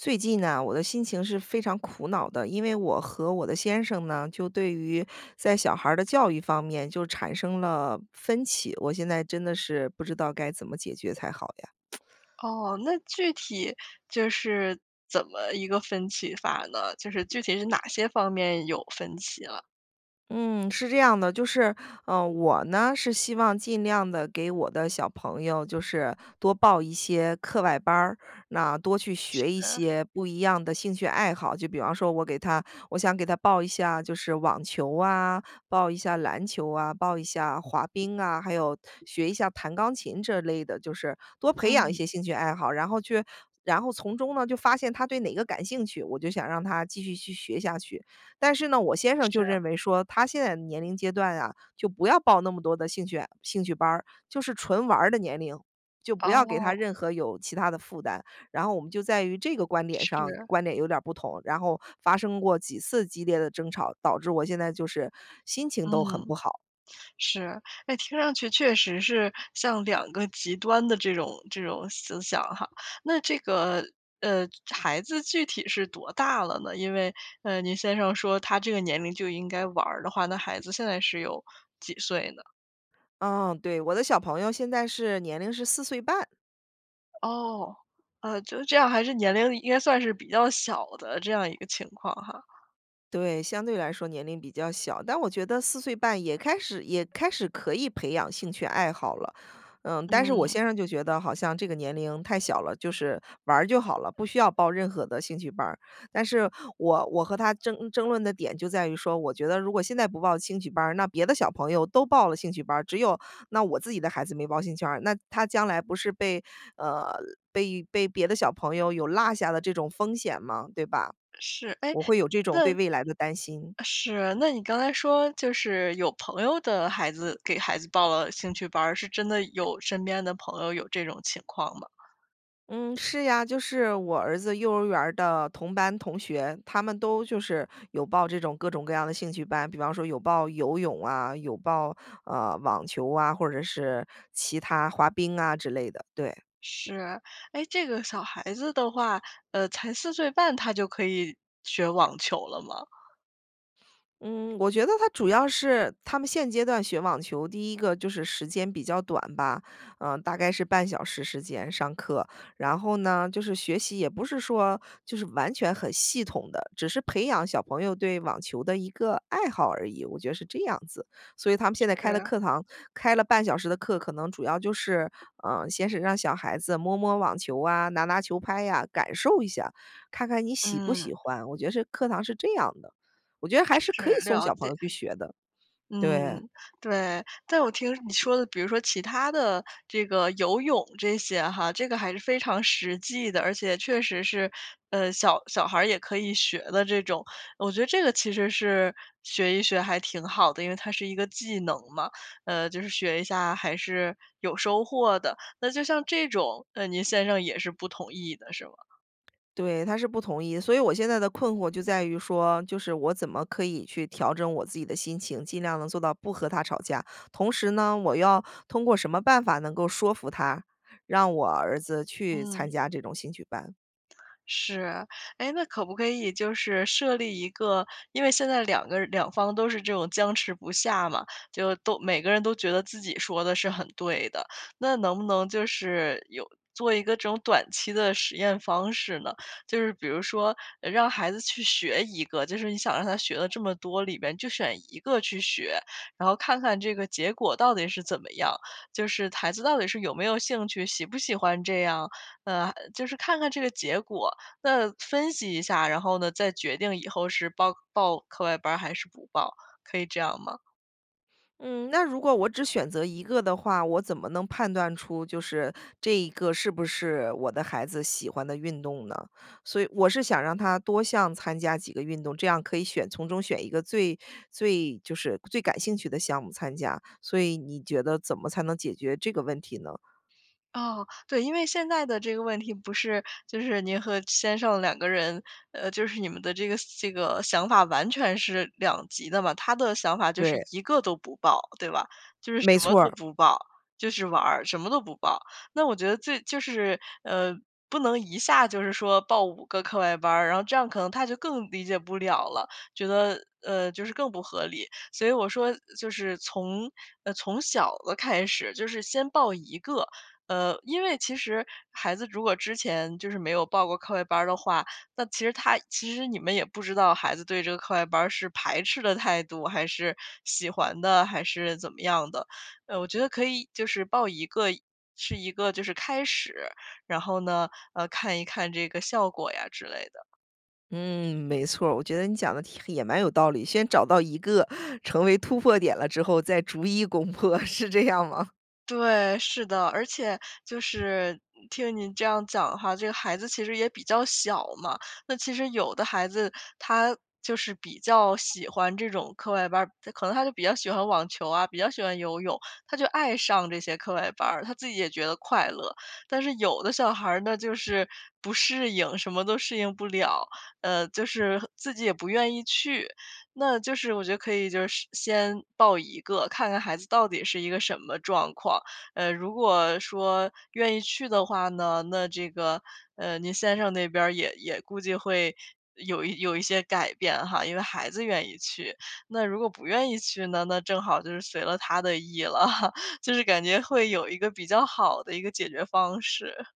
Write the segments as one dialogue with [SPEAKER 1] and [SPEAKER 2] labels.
[SPEAKER 1] 最近呢，我的心情是非常苦恼的。因为我和我的先生呢，就对于在小孩儿的教育方面就产生了分歧，我现在真的是不知道该怎么解决才好呀。
[SPEAKER 2] 哦，那具体就是怎么一个分歧法呢？就是具体是哪些方面有分歧了。
[SPEAKER 1] 嗯，是这样的，就是，嗯，我呢，是希望尽量地给我的小朋友就是多报一些课外班儿。那多去学一
[SPEAKER 2] 是。
[SPEAKER 1] 些不一样的兴趣爱好，就比方说我给他我想给他报一下就是网球啊，报一下篮球啊，报一下滑冰啊，还有学一下弹钢琴这类的，就是多培养一
[SPEAKER 2] 嗯。
[SPEAKER 1] 些兴趣爱好。然后去然后从中呢，就发现他对哪个感兴趣，我就想让他继续去学下去。但是呢，我先生就
[SPEAKER 2] 是。
[SPEAKER 1] 认为说他现在的年龄阶段啊，就不要报那么多的兴趣兴趣班儿，就是纯玩儿的年龄。就不要给他
[SPEAKER 2] 哦。
[SPEAKER 1] 任何有其他的负担，然后我们就在于这个观点上，
[SPEAKER 2] 是。
[SPEAKER 1] 观点有点儿不同，然后发生过几次激烈的争吵，导致我现在就是心情
[SPEAKER 2] 嗯，
[SPEAKER 1] 都很不好。
[SPEAKER 2] 是。哎，听上去确实是像两个极端的这种这种思想哈。那这个，呃，孩子具体是多大了呢？因为，呃，您先生说他这个年龄就应该玩儿的话，那孩子现在是有几岁呢？
[SPEAKER 1] 嗯，对。我的小朋友现在是年龄是4岁半。
[SPEAKER 2] 哦，呃，就这样还是年龄应该算是比较小的这样一个情况哈。
[SPEAKER 1] 对，相对来说年龄比较小。但我觉得4岁半也开始也开始可以培养兴趣爱好了。呃，但是我
[SPEAKER 2] 嗯。
[SPEAKER 1] 先生就觉得好像这个年龄太小了，就是玩儿就好了，不需要报任何的兴趣班儿。但是我我和他争争论的点就在于说我觉得如果现在不报兴趣班儿，那别的小朋友都报了兴趣班儿，只有那我自己的孩子没报兴趣班儿。那他将来不是被，呃，被被别的小朋友有落下了这种风险吗？对吧？
[SPEAKER 2] 是，哎，
[SPEAKER 1] 我会有这种对
[SPEAKER 2] 那
[SPEAKER 1] 未来的担心。
[SPEAKER 2] 是。那你刚才说就是有朋友的孩子给孩子报了兴趣班儿，是真的有身边的朋友有这种情况吗？
[SPEAKER 1] 嗯，是呀，就是我儿子幼儿园儿的同班同学，他们都就是有报这种各种各样的兴趣班。比方说有报游泳啊，有报，呃，网球啊，或者是其它滑冰啊之类的，对。
[SPEAKER 2] 是。哎，这个小孩子的话，呃，才4岁半，他就可以学网球了吗？
[SPEAKER 1] 嗯，我觉得他主要是他们现阶段学网球，第一个就是时间比较短吧。嗯，大概是半小时时间上课，然后呢，就是学习也不是说就是完全很系统的，只是培养小朋友对网球的一个爱好而已，我觉得是这样子。所以他们现在开的
[SPEAKER 2] 是。
[SPEAKER 1] 课堂开了半小时的课，可能主要就是，嗯，先是让小孩子摸摸网球啊、拿拿球拍呀，感受一下，看看你喜不
[SPEAKER 2] 嗯。
[SPEAKER 1] 喜欢，我觉是课堂是这样的。我觉得还是
[SPEAKER 2] 是，
[SPEAKER 1] 可以送
[SPEAKER 2] 了
[SPEAKER 1] 小朋友
[SPEAKER 2] 解。
[SPEAKER 1] 去学的，
[SPEAKER 2] 嗯，
[SPEAKER 1] 对。
[SPEAKER 2] 对，但我听你说的，比如说其他的这个游泳这些哈，这个还是非常实际的，而且确实是，呃，小小孩儿也可以学的这种。我觉得这个其实是学一学还挺好的，因为它是一个技能嘛。呃，就是学一下还是有收获的，那就像这种，呃，您先生也是不同意的，是吗？
[SPEAKER 1] 对，他是不同意。所以我现在的困惑就在于说，就是我怎么可以去调整我自己的心情，尽量能做到不和他吵架。同时呢，我要通过什么办法能够说服他，让我儿子去参
[SPEAKER 2] 嗯。
[SPEAKER 1] 加这种兴趣班。
[SPEAKER 2] 是，哎，那可不可以就是设立一个因为现在两个人两方都是这种僵持不下嘛，就都每个人都觉得自己说的是很对的。那能不能就是有做一个这种短期的实验方式呢？就是比如说让孩子去学一个，就是你想让他学了这么多，里面就选一个去学。然后看看这个结果到底是怎么样，就是孩子到底是有没有兴趣，喜不喜欢这样？呃，就是看看这个结果，那分析一下。然后呢，再决定以后是报报课外班儿还是不报，可以这样吗？
[SPEAKER 1] 嗯，那如果我只选择一个的话，我怎么能判断出就是这一个是不是我的孩子喜欢的运动呢？所以我是想让他多项参加几个运动，这样可以选从中选一个最最就是最感兴趣的项目参加。所以你觉得怎么才能解决这个问题呢？
[SPEAKER 2] 哦，对，因为现在的这个问题不是就是您和先生两个人，呃，就是你们的这个这个想法完全是两极的嘛，他的想法就是
[SPEAKER 1] 对。
[SPEAKER 2] 一个都不报，对吧？就是什
[SPEAKER 1] 没
[SPEAKER 2] 么
[SPEAKER 1] 错
[SPEAKER 2] 都
[SPEAKER 1] 儿。
[SPEAKER 2] 不报，就是玩儿，什么都不报。那我觉得最就是，呃，不能一下就是说报五个课外班儿，然后这样可能他就更理解不了了，觉得，呃，就是更不合理。所以我说就是从呃，从小的开始，就是先报1个。呃，因为其实孩子如果之前就是没有报过课外班儿的话，那其实他其实你们也不知道孩子对这个课外班儿是排斥的态度，还是喜欢的还是怎么样的。呃，我觉得可以就是报1个，是一个就是开始，然后呢，呃，看一看这个效果呀之类的。
[SPEAKER 1] 嗯，没错儿。我觉得你讲的挺也蛮有道理，先找到1个成为突破点了之后再逐一攻破，是这样吗？
[SPEAKER 2] 对，是的。而且就是听您这样讲哈，这个孩子其实也比较小嘛，那其实有的孩子他就是比较喜欢这种课外班儿，他可能他就比较喜欢网球啊，比较喜欢游泳，他就爱上这些课外班儿，他自己也觉得快乐。但是有的小孩儿呢，就是不适应，什么都适应不了，呃，就是自己也不愿意去。那就是我觉得可以就是先报1个，看看孩子到底是一个什么状况。呃，如果说愿意去的话呢，那这个，呃，您先生那边儿也也估计会有一有一些改变哈，因为孩子愿意去。那如果不愿意去呢，那正好就是随了他的意了。就是感觉会有一个比较好的一个解决方式。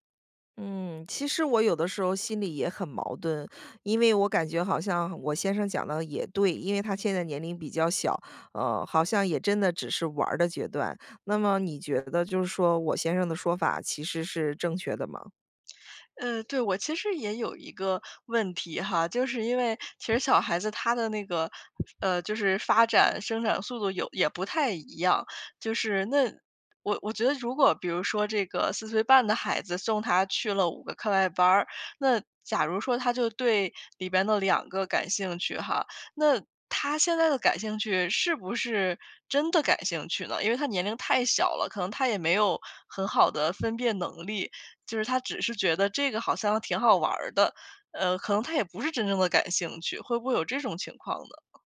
[SPEAKER 1] 嗯，其实我有的时候心里也很矛盾，因为我感觉好像我先生讲的也对。因为他现在年龄比较小，呃，好像也真的只是玩儿的阶段。那么你觉得就是说我先生的说法其实是正确的吗？
[SPEAKER 2] 嗯，对，我其实也有一个问题哈，就是因为其实小孩子他的那个，呃，就是发展生长速度有也不太一样。就是那我我觉得如果比如说这个4岁半的孩子送他去了五个课外班儿，那假如说他就对里边的两个感兴趣哈。那他现在的感兴趣是不是真的感兴趣呢？因为他年龄太小了，可能他也没有很好的分辨能力，就是他只是觉得这个好像挺好玩儿的。呃，可能他也不是真正的感兴趣，会不会有这种情况呢？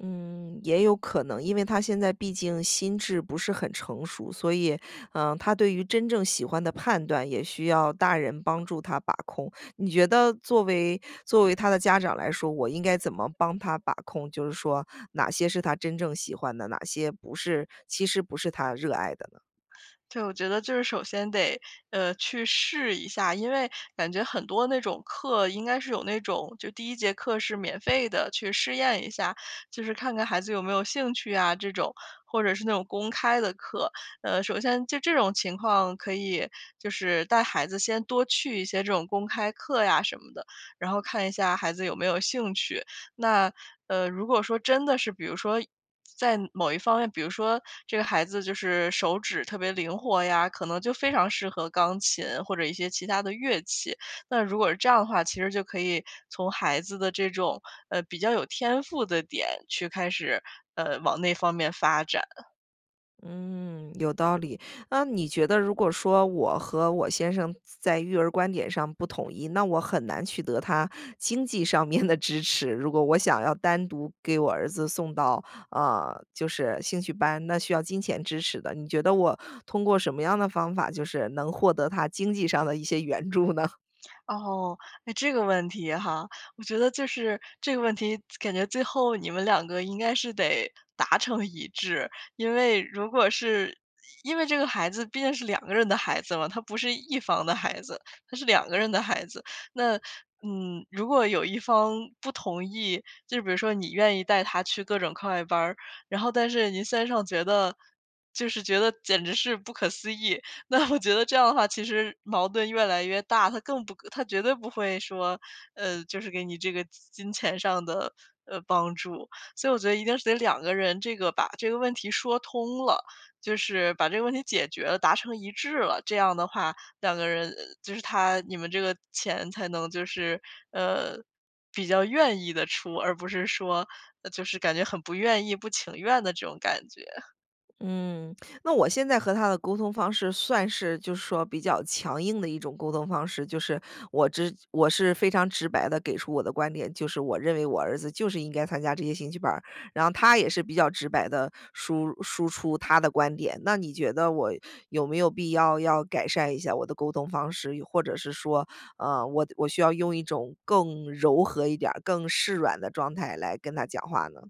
[SPEAKER 1] 嗯，也有可能，因为他现在毕竟心智不是很成熟。所以，嗯，他对于真正喜欢的判断也需要大人帮助他把控。你觉得作为作为他的家长来说，我应该怎么帮他把控，就是说哪些是他真正喜欢的，哪些不是其实不是他热爱的呢？
[SPEAKER 2] 对，我觉得就是首先得，呃，去试一下。因为感觉很多那种课，应该是有那种，就第一节课是免费的，去试验一下，就是看看孩子有没有兴趣啊这种。或者是那种公开的课，呃，首先就这种情况，可以就是带孩子先多去一些这种公开课呀什么的，然后看一下孩子有没有兴趣。那，呃，如果说真的是比如说在某一方面比如说这个孩子就是手指特别灵活呀，可能就非常适合钢琴或者一些其他的乐器。那如果是这样的话，其实就可以从孩子的这种，呃，比较有天赋的点去开始，呃，往那方面发展。
[SPEAKER 1] 嗯，有道理，那你觉得如果说我和我先生在育儿观点上不统一，那我很难取得他经济上面的支持。如果我想要单独给我儿子送到，呃，就是兴趣班，那需要金钱支持的。你觉得我通过什么样的方法就是能获得他经济上的一些援助呢？
[SPEAKER 2] 哦，诶这个问题哈。我觉得就是这个问题，感觉最后你们两个应该是得达成一致。因为如果是因为这个孩子毕竟是两个人的孩子了，他不是一方的孩子，他是两个人的孩子。那，嗯，如果有一方不同意，就是比如说你愿意带他去各种课外班儿，然后但是您先生觉得就是觉得简直是不可思议。那我觉得这样的话其实矛盾越来越大，他更不他绝对不会说，呃，就是给你这个金钱上的，呃，帮助。所以我觉得一定是得两个人这个把这个问题说通了，就是把这个问题解决了达成一致了，这样的话，两个人就是他你们这个钱才能就是，呃，比较愿意地出，而不是说就是感觉很不愿意、不情愿的这种感觉。
[SPEAKER 1] 嗯，那我现在和他的沟通方式算是就是说比较强硬的一种沟通方式。就是我只我是非常直白地给出我的观点，就是我认为我儿子就是应该参加这些兴趣班儿。然后他也是比较直白地输输出他的观点，那你觉得我有没有必要要改善一下我的沟通方式？又或者是说，嗯，我我需要用一种更柔和一点儿，更示软的状态来跟他讲话呢？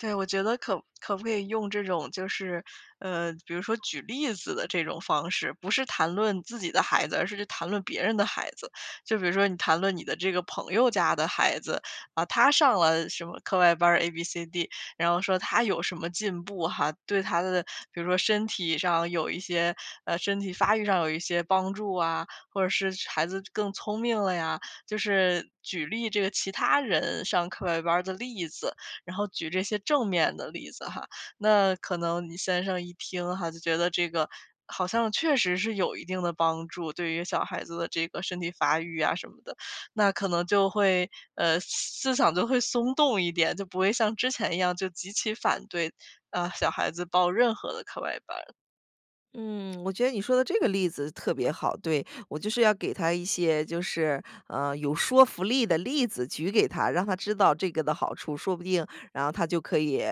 [SPEAKER 2] 对，我觉得可可不可以用这种就是，呃，比如说举例子的这种方式。不是谈论自己的孩子，而是去谈论别人的孩子。就比如说你谈论你的这个朋友家的孩子，呃，他上了什么课外班儿，abcd。然后说他有什么进步哈，对他的比如说身体上有一些，呃，身体发育上有一些帮助啊，或者是孩子更聪明了呀。就是举例这个其他人上课外班儿的例子。然后举这些正面的例子哈，那可能你先生一听哈，就觉得这个好像确实是有一定的帮助，对于小孩子的这个身体发育啊什么的。那可能就会，呃，思思想就会松动一点，就不会像之前一样，就极其反对。啊，小孩子报任何的课外班。
[SPEAKER 1] 嗯，我觉得你说的这个例子特别好，对。我就是要给他一些就是，呃，有说服力的例子举给他，让他知道这个的好处。说不定，然后他就可以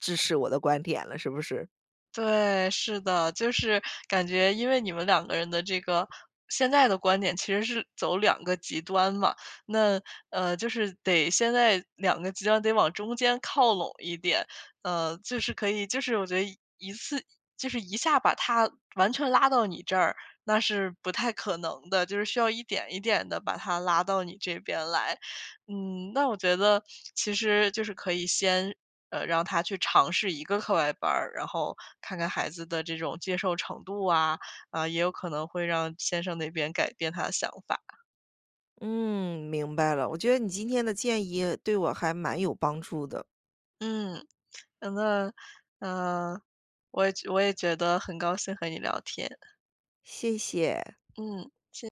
[SPEAKER 1] 支持我的观点了，是不是？
[SPEAKER 2] 对，是的。就是感觉因为你们两个人的这个现在的观点其实是走两个极端嘛。那，呃，就是得现在两个极端得往中间靠拢一点。呃，就是可以就是我觉得一次就是一下把他完全拉到你这儿，那是不太可能的，就是需要一点一点地把他拉到你这边来。嗯，那我觉得其实就是可以先，呃，让他去尝试1个课外班儿，然后看看孩子的这种接受程度啊。啊，也有可能会让先生那边改变他的想法。
[SPEAKER 1] 嗯，明白了，我觉得你今天的建议对我还蛮有帮助的。
[SPEAKER 2] 嗯，嗯，那呃我也觉我也觉得很高兴和你聊天。
[SPEAKER 1] 谢谢。
[SPEAKER 2] 嗯，谢